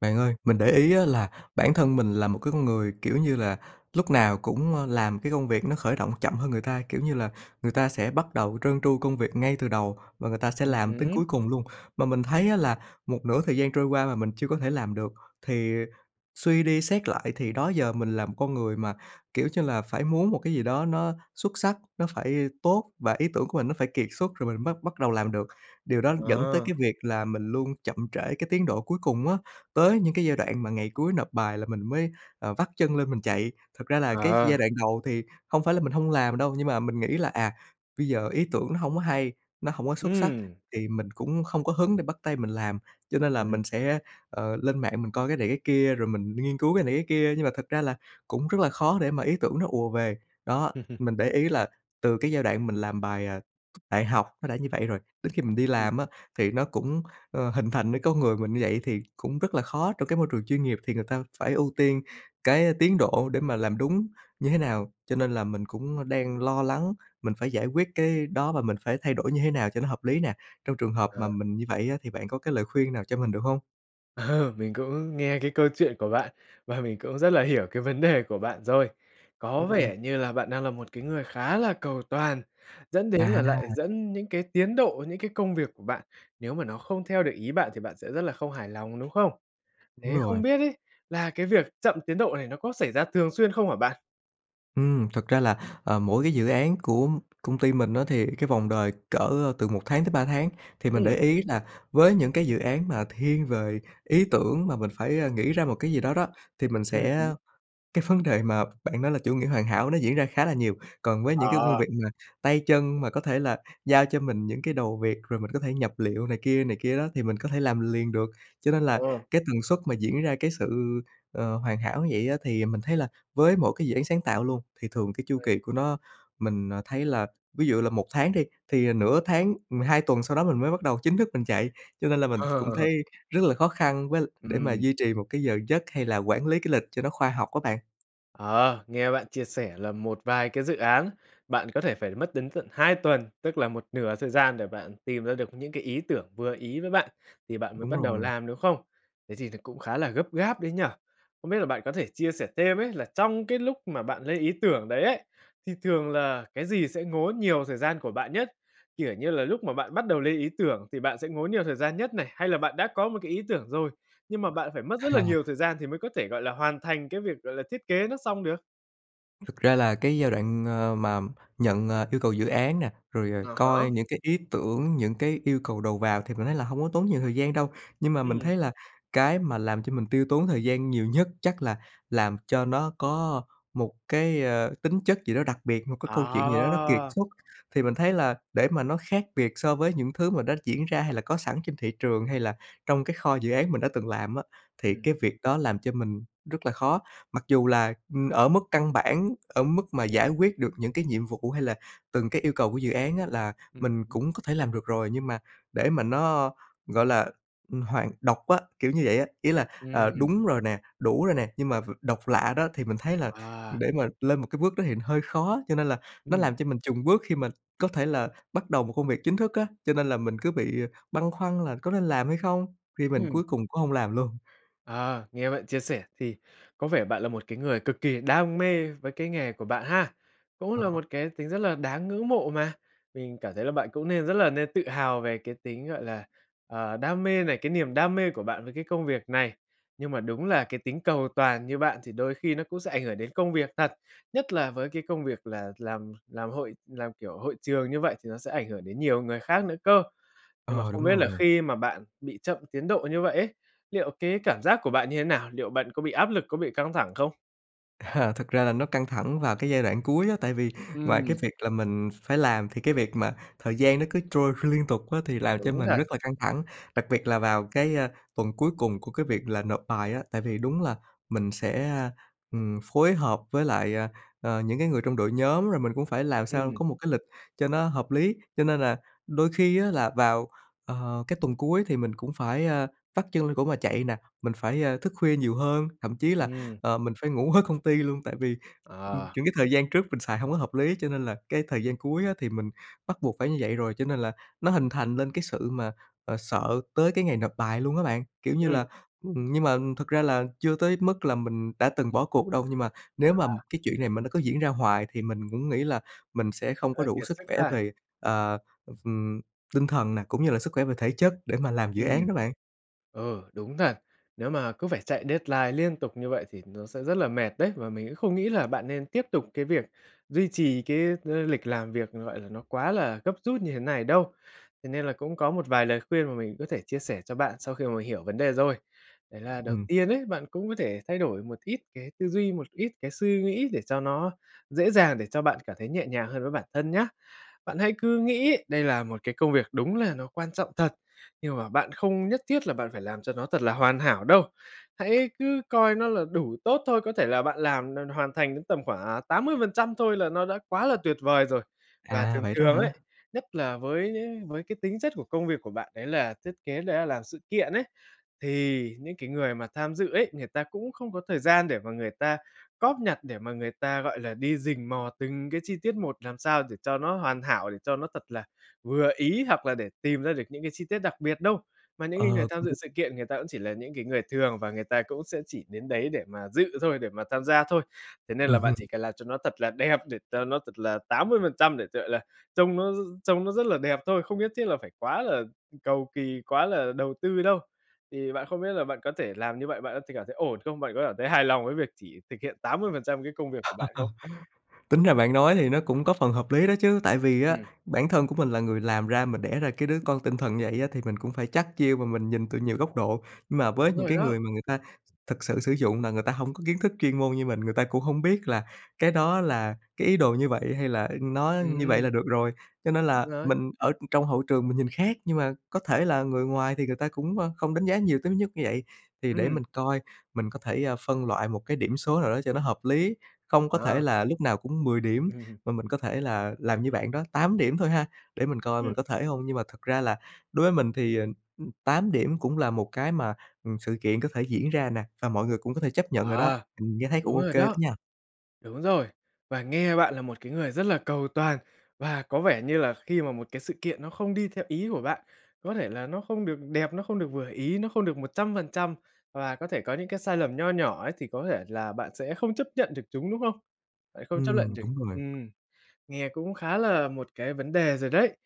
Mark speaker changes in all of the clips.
Speaker 1: Bạn ơi, mình để ý á là bản thân mình là một cái người, kiểu như là, lúc nào cũng, ơ, làm cái công việc nó khởi động chậm hơn người ta. Kiểu như là, người ta sẽ bắt đầu trơn tru công việc ngay từ đầu và người ta sẽ
Speaker 2: Ừm
Speaker 1: làm tới
Speaker 2: hứm.
Speaker 1: cuối cùng luôn, mà mình thấy á là một nửa thời gian trôi qua mà mình chưa có thể làm được. Thì suy đi xét lại thì đó giờ mình là một con người mà, kiểu, cho là phải muốn một cái gì đó nó xuất sắc, nó phải tốt, và ý tưởng của mình nó phải kiệt xuất rồi mình bắt bắt đầu làm được. Điều đó dẫn tới
Speaker 2: Ờ.
Speaker 1: cái việc là mình luôn chậm trễ cái tiến độ cuối cùng á, tới những cái giai đoạn mà ngày cuối nộp bài là mình mới, ờ, vắt chân lên mình chạy. Thật ra là cái
Speaker 2: Ờ.
Speaker 1: giai đoạn đầu thì hông phải là mình hông làm đâu, nhưng mà mình nghĩ là, à, bây giờ ý tưởng nó hông có hay, nó hổng có xuất sắc
Speaker 2: Ừm.
Speaker 1: thì mình cũng không có hứng để bắt tay mình làm. Cho nên là
Speaker 2: Ừm.
Speaker 1: mình sẽ, ờ, lên mạng mình coi cái này cái kia, rồi mình nghiên cứu cái này cái kia, nhưng mà thật ra là cũng rất là khó để mà ý tưởng nó ùa về. Đó, mình để ý là từ cái giai đoạn mình làm bài, à, đại học nó đã như vậy rồi. Đến khi mình đi
Speaker 2: Ừm.
Speaker 1: làm á thì nó cũng, ơ, hình thành nên con người mình như vậy. Thì cũng rất là khó trong cái môi trường chuyên nghiệp thì người ta phải ưu tiên cái tiến độ để mà làm đúng như thế nào. Cho nên là mình cũng, ơ, đang lo lắng mình phải giải quyết cái đó và mình phải thay đổi như thế nào cho nó hợp lý nè? Trong trường hợp
Speaker 2: Ờ.
Speaker 1: mà mình như vậy á thì bạn có cái lời khuyên nào cho mình được hông?
Speaker 2: Ờ, mình cũng nghe cái câu chuyện của bạn và mình cũng rất là hiểu cái vấn đề của bạn rồi, có
Speaker 1: Ừm.
Speaker 2: vẻ như là bạn đang là một cái người khá là cầu toàn, dẫn đến là lại
Speaker 1: À!
Speaker 2: dẫn những cái tiến độ, những cái công việc của bạn, nếu mà nó không theo được ý bạn thì bạn sẽ rất là không hài lòng, đúng không?
Speaker 1: Đúng
Speaker 2: Thế không
Speaker 1: rồi.
Speaker 2: biết ấy, là cái việc chậm tiến độ này nó có xảy ra thường xuyên không hả bạn?
Speaker 1: Ừm, thật ra là, à, mỗi cái dự án của công ty mình á, thì cái vòng đời cỡ từ 1 tháng tới 3 tháng, thì mình
Speaker 2: Ừm.
Speaker 1: để ý là với những cái dự án mà thiên về ý tưởng mà mình phải, a, nghĩ ra một cái gì đó đó, thì mình
Speaker 2: Ừm hứm.
Speaker 1: sẽ cái vấn đề mà bạn nói là chủ nghĩa hoàn hảo nó diễn ra khá là nhiều. Còn với những cái công
Speaker 2: À.
Speaker 1: việc mà tay chân mà có thể là giao cho mình những cái đầu việc rồi mình có thể nhập liệu này kia này kia đó, thì mình có thể làm liền được. Cho nên là
Speaker 2: Ờ.
Speaker 1: cái tần suất mà diễn ra cái sự, ờ, hoàn hảo như vậy á thì mình thấy là với mỗi cái dự án sáng tạo luôn thì thường cái chu
Speaker 2: Ừm.
Speaker 1: kỳ của nó, mình, ờ, thấy là, ví dụ là 1 tháng đi, thì, ờ, nửa tháng ừm, 2 tuần sau đó mình mới bắt đầu chính thức mình chạy, cho nên là mình cũng thấy rất là khó khăn với l để mà
Speaker 2: Ừm.
Speaker 1: duy trì một cái giờ giấc hay là quản lý cái lịch cho nó khoa học á bạn.
Speaker 2: Ờ, nghe bạn chia sẻ là một vài cái dự án, bạn có thể phải mất đến tận 2 tuần, tức là một nửa thời gian để bạn tìm ra được những cái ý tưởng vừa ý với bạn thì bạn mới
Speaker 1: Đúng
Speaker 2: bắt
Speaker 1: rồi.
Speaker 2: đầu làm, đúng không? Thế thì thực cũng khá là gấp gáp đấy nhỉ. Không biết là bạn có thể chia sẻ thêm ấy, là trong cái lúc mà bạn lấy ý tưởng đấy ấy, thì thường là cái gì sẽ ngốn nhiều thời gian của bạn nhất? Kiểu như là lúc mà bạn bắt đầu lên ý tưởng thì bạn sẽ ngốn nhiều thời gian nhất này, hay là bạn đã có một cái ý tưởng rồi, nhưng mà bạn phải mất rất là
Speaker 1: À.
Speaker 2: nhiều thời gian thì mới có thể, gọi là, hoàn thành cái việc, gọi là, thiết kế nó xong được?
Speaker 1: Thực ra là cái giai đoạn, ờ, mà nhận, à, yêu cầu dự án nè, rồi, à,
Speaker 2: À
Speaker 1: coi
Speaker 2: há.
Speaker 1: những cái ý tưởng, những cái yêu cầu đầu vào thì mình thấy là hông có tốn nhiều thời gian đâu, nhưng mà mình
Speaker 2: Ừm.
Speaker 1: thấy là cái mà làm cho mình tiêu tốn thời gian nhiều nhất chắc là làm cho nó có một cái, ờ, tính chất gì đó đặc biệt, một cái câu chuyện gì đó nó kiệt
Speaker 2: À!
Speaker 1: xuất. Thì mình thấy là để mà nó khác biệt so với những thứ mà đã diễn ra hay là có sẵn trên thị trường hay là trong cái kho dự án mình đã từng làm á, thì
Speaker 2: Ừm,
Speaker 1: cái
Speaker 2: ừm.
Speaker 1: việc đó làm cho mình rất là khó, mặc dù là, ừm, ở mức căn bản, ở mức mà giải quyết được những cái nhiệm vụ hay là từng cái yêu cầu của dự án á, là
Speaker 2: Ừm,
Speaker 1: mình
Speaker 2: ừm.
Speaker 1: cũng có thể làm được rồi, nhưng mà để mà nó, gọi là, ừm, hoàn độc á, kiểu như vậy á, ý là,
Speaker 2: Ừm,
Speaker 1: ờ,
Speaker 2: ừm.
Speaker 1: đúng rồi nè, đủ rồi nè, nhưng mà ph độc lạ đó, thì mình thấy là
Speaker 2: À.
Speaker 1: để mà lên một cái bước đó thì hơi khó. Cho nên là nó
Speaker 2: Ừm.
Speaker 1: làm cho mình chùng bước khi mà có thể là bắt đầu một công việc chính thức á, cho nên là mình cứ bị băn khoăn là có nên làm hay không khi mình cuối
Speaker 2: Ừm.
Speaker 1: cùng cũng hổng làm luôn.
Speaker 2: À, nghe bạn chia sẻ thì có vẻ bạn là một cái người cực kỳ đam mê với cái nghề của bạn ha, cũng là
Speaker 1: Ờ.
Speaker 2: một cái tính rất là đáng ngưỡng mộ mà, mình cảm thấy là bạn cũng nên rất là nên tự hào về cái tính, gọi là, ờ, đam mê này, cái niềm đam mê của bạn với cái công việc này. Nhưng mà đúng là cái tính cầu toàn như bạn thì đôi khi nó cũng sẽ ảnh hưởng đến công việc thật, nhất là với cái công việc là làm làm hội làm, kiểu, hội trường như vậy thì nó sẽ ảnh hưởng đến nhiều người khác nữa cơ. Nhưng mà
Speaker 1: Ờ, đúng
Speaker 2: không biết là
Speaker 1: rồi.
Speaker 2: khi mà bạn bị chậm tiến độ như vậy ấy, liệu cái cảm giác của bạn như thế nào? Liệu bạn có bị áp lực, có bị căng thẳng không?
Speaker 1: À, thực ra là nó căng thẳng vào cái giai đoạn cuối á, tại vì ngoài cái
Speaker 2: Ừm.
Speaker 1: việc là mình phải làm thì cái việc mà thời gian nó cứ trôi liên tục á, thì làm cho
Speaker 2: Đúng
Speaker 1: mình
Speaker 2: rồi.
Speaker 1: rất là căng thẳng. Đặc biệt là vào cái, ơ, tuần cuối cùng của cái việc là nộp bài á, tại vì đúng là mình sẽ, ừm, phối hợp với lại, à, ờ, những cái người trong đội nhóm rồi mình cũng phải làm sao
Speaker 2: Ừm.
Speaker 1: có một cái lịch cho nó hợp lý. Cho nên là đôi khi á, là vào, ờ, cái tuần cuối thì mình cũng phải, ơ, vắt chân lên cổ mà chạy nè, mình phải, ơ, thức khuya nhiều hơn, thậm chí là,
Speaker 2: Ừm.
Speaker 1: ờ, mình phải ngủ ở công ty luôn tại vì, ừm,
Speaker 2: À.
Speaker 1: những cái thời gian trước mình xài hông có hợp lý cho nên là cái thời gian cuối á, thì mình bắt buộc phải như vậy rồi, cho nên là nó hình thành lên cái sự mà, à, sợ tới cái ngày nộp bài luôn á bạn. Kiểu như
Speaker 2: Ừm.
Speaker 1: là, ừm, nhưng mà thực ra là chưa tới mức là mình đã từng bỏ cuộc đâu, nhưng mà nếu mà
Speaker 2: À.
Speaker 1: cái chuyện này mà nó cứ diễn ra hoài thì mình cũng nghĩ là mình sẽ không có
Speaker 2: Ơ,
Speaker 1: đủ
Speaker 2: kiệt
Speaker 1: sức
Speaker 2: sức
Speaker 1: khỏe
Speaker 2: ha.
Speaker 1: về, ờ, ừm, tinh thần nè, cũng như là sức khỏe về thể chất để mà làm dự án
Speaker 2: Ừm.
Speaker 1: đó bạn.
Speaker 2: Ừ, đúng thật. Nếu mà cứ phải chạy deadline liên tục như vậy thì nó sẽ rất là mệt đấy. Và mình không nghĩ là bạn nên tiếp tục cái việc duy trì cái, ờ, lịch làm việc, gọi là, nó quá là gấp rút như thế này đâu. Thế nên là cũng có một vài lời khuyên mà mình có thể chia sẻ cho bạn sau khi mà mình hiểu vấn đề rồi. Đấy là đầu
Speaker 1: Ừm.
Speaker 2: tiên ấy, bạn cũng có thể thay đổi một ít cái tư duy, một ít cái suy nghĩ để cho nó dễ dàng, để cho bạn cảm thấy nhẹ nhàng hơn với bản thân nhá. Bạn hãy cứ nghĩ đây là một cái công việc đúng là nó quan trọng thật, nhưng mà bạn không nhất thiết là bạn phải làm cho nó thật là hoàn hảo đâu. Hãy cứ coi nó là đủ tốt thôi, có thể là bạn làm n n hoàn thành đến tầm khoảng, ờ, 80% thôi là nó đã quá là tuyệt vời rồi. Và
Speaker 1: À,
Speaker 2: thường
Speaker 1: vậy đó
Speaker 2: thường
Speaker 1: hả?
Speaker 2: ấy, nhất là với với cái tính chất của công việc của bạn đấy là thiết kế, đấy là làm sự kiện ấy, thì những cái người mà tham dự ấy, người ta cũng không có thời gian để mà người ta cóp nhặt, để mà người ta, gọi là, đi rình mò từng cái chi tiết một làm sao để cho nó hoàn hảo, để cho nó thật là vừa ý hoặc là để tìm ra được những cái chi tiết đặc biệt đâu. Mà những cái người
Speaker 1: Ờ,
Speaker 2: tham
Speaker 1: cũng
Speaker 2: dự
Speaker 1: đúng.
Speaker 2: sự kiện, người ta cũng chỉ là những cái người thường và người ta cũng sẽ chỉ đến đấy để mà dự thôi, để mà tham gia thôi. Thế nên
Speaker 1: Ừm
Speaker 2: là bạn chỉ
Speaker 1: hưm.
Speaker 2: cần làm cho nó thật là đẹp, để cho nó thật là 80% để, gọi là, trông nó trông nó rất là đẹp thôi, không nhất thiết là phải quá là cầu kỳ, quá là đầu tư đâu. Thì bạn không biết là bạn có thể làm như vậy, bạn có thể cảm thấy ổn không? Bạn có cảm thấy hài lòng với việc chỉ thực hiện 80% cái công việc của bạn không?
Speaker 1: Tính ra bạn nói thì nó cũng có phần hợp lý đó chứ, tại vì á,
Speaker 2: Ừm.
Speaker 1: bản thân của mình là người làm ra, mà đẻ ra cái đứa con tinh thần vậy á, thì mình cũng phải chắt chiu và mình nhìn từ nhiều góc độ. Nhưng mà
Speaker 2: Đúng
Speaker 1: với những
Speaker 2: rồi
Speaker 1: cái
Speaker 2: đó.
Speaker 1: người mà người ta thực sự sử dụng là người ta hổng có kiến thức chuyên môn như mình, người ta cũng hổng biết là cái đó là cái ý đồ như vậy hay là nó như vậy
Speaker 2: Ừm.
Speaker 1: là được rồi. Cho nên
Speaker 2: Đúng
Speaker 1: là
Speaker 2: rồi.
Speaker 1: mình ở trong hậu trường mình nhìn khác, nhưng mà có thể là người ngoài thì người ta cũng, ơ, không đánh giá nhiều tới nhứt như vậy. Thì để
Speaker 2: Ừm.
Speaker 1: mình coi mình có thể, ơ, phân loại một cái điểm số nào đó cho nó hợp lý, không có thể
Speaker 2: À.
Speaker 1: là lúc nào cũng 10 điểm mà mình có thể là làm như bạn đó, 8 điểm thôi ha, để mình coi
Speaker 2: Ừm.
Speaker 1: mình có thể hông. Nhưng mà thật ra là đối với mình thì, ờ, 8 điểm cũng là một cái mà, ừm, sự kiện có thể diễn ra nè, và mọi người cũng có thể chấp nhận rồi đó.
Speaker 2: À,
Speaker 1: Ừm, nghe thấy cũng
Speaker 2: đúng
Speaker 1: ô
Speaker 2: rồi
Speaker 1: kê đó
Speaker 2: đó.
Speaker 1: nha.
Speaker 2: Đúng rồi. Và nghe bạn là một cái người rất là cầu toàn và có vẻ như là khi mà một cái sự kiện nó không đi theo ý của bạn, có thể là nó không được đẹp, nó không được vừa ý, nó không được 100% và có thể có những cái sai lầm nho nhỏ ấy, thì có thể là bạn sẽ không chấp nhận được chúng, đúng không? Bạn không chấp nhận
Speaker 1: Ừm,
Speaker 2: được.
Speaker 1: đúng rồi.
Speaker 2: Ừm, nghe cũng khá là một cái vấn đề rồi đấy.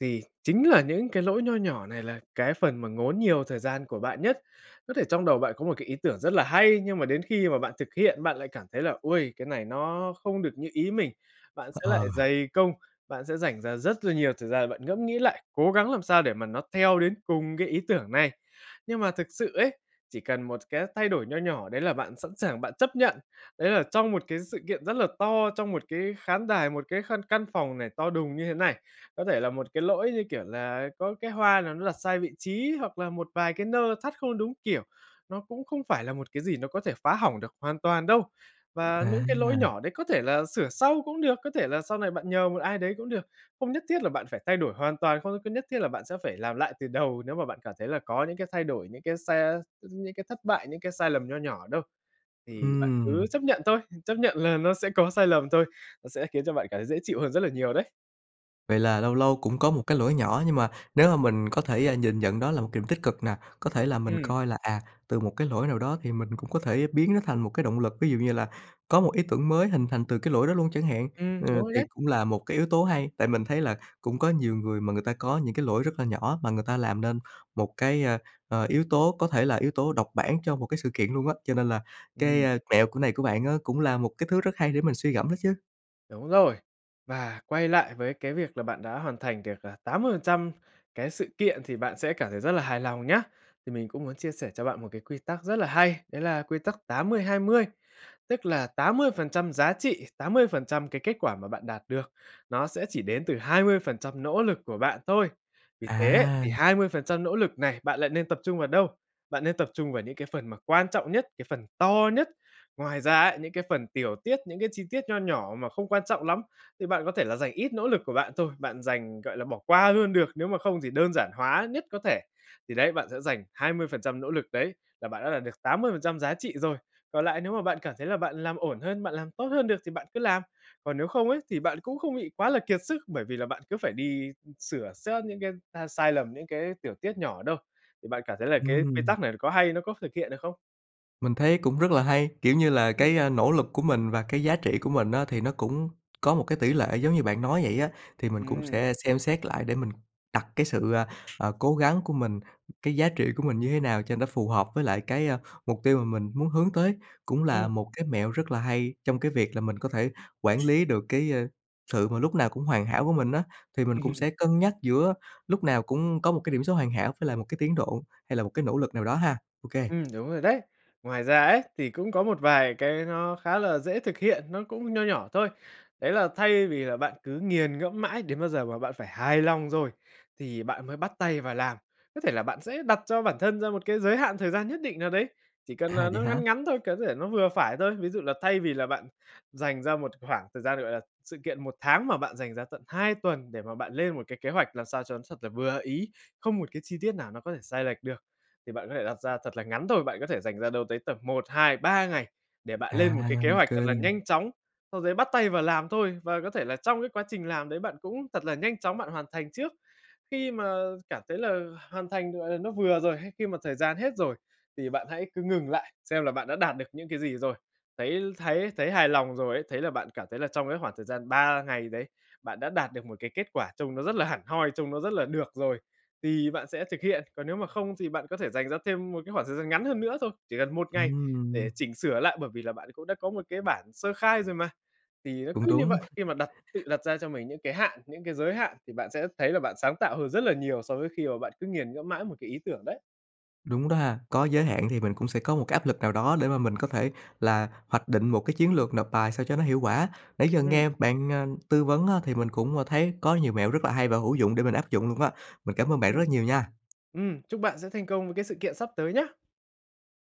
Speaker 2: Thì chính là những cái lỗi nho nhỏ này là cái phần mà ngốn nhiều thời gian của bạn nhất. Có thể trong đầu bạn có một cái ý tưởng rất là hay, nhưng mà đến khi mà bạn thực hiện, bạn lại cảm thấy là, ôi, cái này nó không được như ý mình. Bạn sẽ lại
Speaker 1: Ờ.
Speaker 2: dày công, bạn sẽ dành ra rất là nhiều thời gian, bạn ngẫm nghĩ lại, cố gắng làm sao để mà nó theo đến cùng cái ý tưởng này. Nhưng mà thực sự ấy, chỉ cần một cái thay đổi nho nhỏ đấy là bạn sẵn sàng bạn chấp nhận. Đấy là trong một cái sự kiện rất là to, trong một cái khán đài, một cái khăn căn phòng này to đùng như thế này, có thể là một cái lỗi, như kiểu là, có cái hoa nào nó đặt sai vị trí, hoặc là một vài cái nơ thắt không đúng kiểu, nó cũng không phải là một cái gì nó có thể phá hỏng được hoàn toàn đâu. Và những cái lỗi
Speaker 1: À.
Speaker 2: nhỏ đấy có thể là sửa sau cũng được, có thể là sau này bạn nhờ một ai đấy cũng được, không nhất thiết là bạn phải thay đổi hoàn toàn, không có nhất thiết là bạn sẽ phải làm lại từ đầu nếu mà bạn cảm thấy là có những cái thay đổi, những cái sa những cái thất bại, những cái sai lầm nho nhỏ đâu. Thì bạn cứ
Speaker 1: Ừm.
Speaker 2: chấp nhận thôi, chấp nhận là nó sẽ có sai lầm thôi, nó sẽ khiến cho bạn cảm thấy dễ chịu hơn rất là nhiều đấy.
Speaker 1: Vậy là lâu lâu cũng có một cái lỗi nhỏ, nhưng mà nếu mà mình có thể, a, nhìn nhận đó là một điểm tích cực nè, có thể là mình
Speaker 2: Ừm.
Speaker 1: coi là, à, từ một cái lỗi nào đó thì mình cũng có thể biến nó thành một cái động lực, ví dụ như là có một ý tưởng mới hình thành từ cái lỗi đó luôn chẳng hạn,
Speaker 2: Ừm,
Speaker 1: ờ,
Speaker 2: đúng rồi
Speaker 1: thì
Speaker 2: đấy.
Speaker 1: cũng là một cái yếu tố hay, tại mình thấy là cũng có nhiều người mà người ta có những cái lỗi rất là nhỏ mà người ta làm nên một cái, ơ, ờ, yếu tố có thể là yếu tố độc bản cho một cái sự kiện luôn á. Cho nên là cái,
Speaker 2: Ừm.
Speaker 1: ơ, mẹo của này của bạn á cũng là một cái thứ rất hay để mình suy ngẫm đó chứ.
Speaker 2: Đúng rồi, và quay lại với cái việc là bạn đã hoàn thành được, ờ, 80% cái sự kiện thì bạn sẽ cảm thấy rất là hài lòng nhá. Thì mình cũng muốn chia sẻ cho bạn một cái quy tắc rất là hay, đấy là quy tắc 80:20, tức là 80% giá trị, 80% cái kết quả mà bạn đạt được nó sẽ chỉ đến từ 20% nỗ lực của bạn thôi. Vì thế
Speaker 1: À!
Speaker 2: thì 20% nỗ lực này bạn lại nên tập trung vào đâu? Bạn nên tập trung vào những cái phần mà quan trọng nhất, cái phần to nhất. Ngoài ra ấy, những cái phần tiểu tiết, những cái chi tiết nho nhỏ mà không quan trọng lắm thì bạn có thể là dành ít nỗ lực của bạn thôi, bạn dành gọi là, bỏ qua luôn được, nếu mà không thì đơn giản hóa nhất có thể. Thì đấy, bạn sẽ dành 20% nỗ lực đấy là bạn đã đạt được 80% giá trị rồi. Còn lại nếu mà bạn cảm thấy là bạn làm ổn hơn, bạn làm tốt hơn được thì bạn cứ làm. Còn nếu không ấy thì bạn cũng không bị quá là kiệt sức, bởi vì là bạn cứ phải đi sửa sớt những cái ta sai lầm, những cái tiểu tiết nhỏ đâu. Thì bạn cảm thấy là cái quy
Speaker 1: Ừm.
Speaker 2: tắc này có hay, nó có thực hiện được không?
Speaker 1: Mình thấy cũng rất là hay, kiểu như là,
Speaker 2: Ừm.
Speaker 1: cái, a, nỗ lực của mình và cái giá trị của mình á thì nó cũng có một cái tỷ lệ giống như bạn nói vậy á. Thì mình cũng
Speaker 2: Ừm.
Speaker 1: sẽ xem xét lại để mình đặt cái sự, à, à, cố gắng của mình, cái giá trị của mình như thế nào cho nó phù hợp với lại cái, a, mục tiêu mà mình muốn hướng tới. Cũng là
Speaker 2: Ừm.
Speaker 1: một cái mẹo rất là hay trong cái việc là mình có thể quản lý được cái, ơ, sự mà lúc nào cũng hoàn hảo của mình á. Thì mình
Speaker 2: Ừm
Speaker 1: cũng
Speaker 2: hưm.
Speaker 1: sẽ cân nhắc giữa lúc nào cũng có một cái điểm số hoàn hảo với lại một cái tiến độ, hay là một cái nỗ lực nào đó ha. OK.
Speaker 2: Ừm, đúng rồi đấy. Ngoài ra ấy, thì cũng có một vài cái nó khá là dễ thực hiện, nó cũng nho nhỏ thôi. Đấy là thay vì là bạn cứ nghiền ngẫm mãi đến bao giờ mà bạn phải hài lòng rồi thì bạn mới bắt tay vào làm, có thể là bạn sẽ đặt cho bản thân ra một cái giới hạn thời gian nhất định nào đấy, chỉ cần
Speaker 1: À,
Speaker 2: là nó
Speaker 1: vậy
Speaker 2: ngắn
Speaker 1: hả?
Speaker 2: ngắn thôi, có thể nó vừa phải thôi. Ví dụ là thay vì là bạn dành ra một khoảng thời gian, gọi là sự kiện 1 tháng mà bạn dành ra tận 2 tuần để mà bạn lên một cái kế hoạch làm sao cho nó thật là vừa ý, không một cái chi tiết nào nó có thể sai lệch được, thì bạn có thể đặt ra thật là ngắn thôi. Bạn có thể dành ra đâu tới tầm 1, 2, 3 ngày để bạn
Speaker 1: À,
Speaker 2: lên một cái kế hoạch
Speaker 1: OK.
Speaker 2: thật là nhanh chóng, sau dấy bắt tay vào làm thôi. Và có thể là trong cái quá trình làm đấy, bạn cũng thật là nhanh chóng bạn hoàn thành trước. Khi mà cảm thấy là hoàn thành, gọi là, nó vừa rồi, hay khi mà thời gian hết rồi thì bạn hãy cứ ngừng lại, xem là bạn đã đạt được những cái gì rồi. Thấy thấy thấy hài lòng rồi ấy, thấy là bạn cảm thấy là trong cái khoảng thời gian 3 ngày đấy, bạn đã đạt được một cái kết quả trông nó rất là hẳn hoi, trông nó rất là được rồi thì bạn sẽ thực hiện. Còn nếu mà không thì bạn có thể dành ra thêm một cái khoảng thời gian ngắn hơn nữa thôi, chỉ cần 1 ngày để
Speaker 1: Ừm.
Speaker 2: chỉnh sửa lại, bởi vì là bạn cũng đã có một cái bản sơ khai rồi mà. Thì nó
Speaker 1: Cũng
Speaker 2: cứ như
Speaker 1: đúng.
Speaker 2: vậy, khi mà đặt tự đặt ra cho mình những cái hạn, những cái giới hạn thì bạn sẽ thấy là bạn sáng tạo hơn rất là nhiều, so với khi mà bạn cứ nghiền ngẫm mãi một cái ý tưởng đấy.
Speaker 1: Đúng đó ha, có giới hạn thì mình cũng sẽ có một cái áp lực nào đó để mà mình có thể là hoạch định một cái chiến lược nộp bài sao cho nó hiệu quả. Nãy giờ
Speaker 2: Ừm.
Speaker 1: nghe bạn, à, tư vấn á, thì mình cũng, à, thấy có nhiều mẹo rất là hay và hữu dụng để mình áp dụng luôn á. Mình cảm ơn bạn rất
Speaker 2: Ừm.
Speaker 1: là nhiều nha!
Speaker 2: Ừm, chúc bạn sẽ thành công với cái sự kiện sắp tới nhá.